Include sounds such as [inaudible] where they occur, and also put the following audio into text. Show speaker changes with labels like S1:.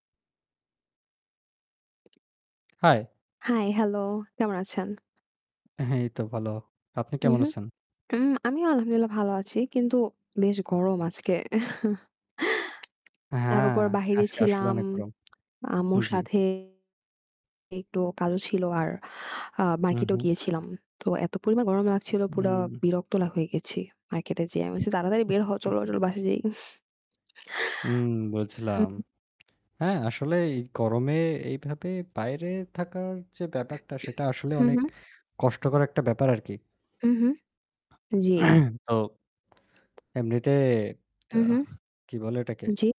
S1: Hi।
S2: Hi, hello। কেমন আছেন?
S1: এই তো ভালো। আপনি
S2: হু,
S1: কেমন
S2: হু।
S1: আছেন?
S2: উম আমিও আলহামদুলিল্লাহ ভালো আছি। কিন্তু বেশ গরম আজকে। [chuckles] তার
S1: হ্যাঁ,
S2: উপর বাহিরে
S1: আজকে আসলে
S2: ছিলাম।
S1: অনেক গরম।
S2: আম্মুর
S1: জি।
S2: সাথে একটু কালো ছিলো আর আ
S1: হু,
S2: market এও
S1: হু।
S2: গিয়েছিলাম। তো এত পরিমাণ গরম লাগছিলো, পুরা
S1: উম
S2: বিরক্ত লা হয়ে গেছি। market এ যেয়ে আমি বলছি "তাড়াতাড়ি বের হও চলো, বা চলো বাসায় যাই।" [chuckles]
S1: উম
S2: হু,
S1: বুঝলাম,
S2: হু।
S1: হ্যাঁ, আসলে এই গরমে এইভাবে বাইরে থাকার যে ব্যাপারটা সেটা আসলে
S2: হু,
S1: অনেক
S2: হু।
S1: কষ্টকর একটা ব্যাপার আর কি।
S2: হু, হু, জি।
S1: [clears throat] তো, এমনিতে তা
S2: হু, হু।
S1: কি বলে এটাকে?
S2: জি।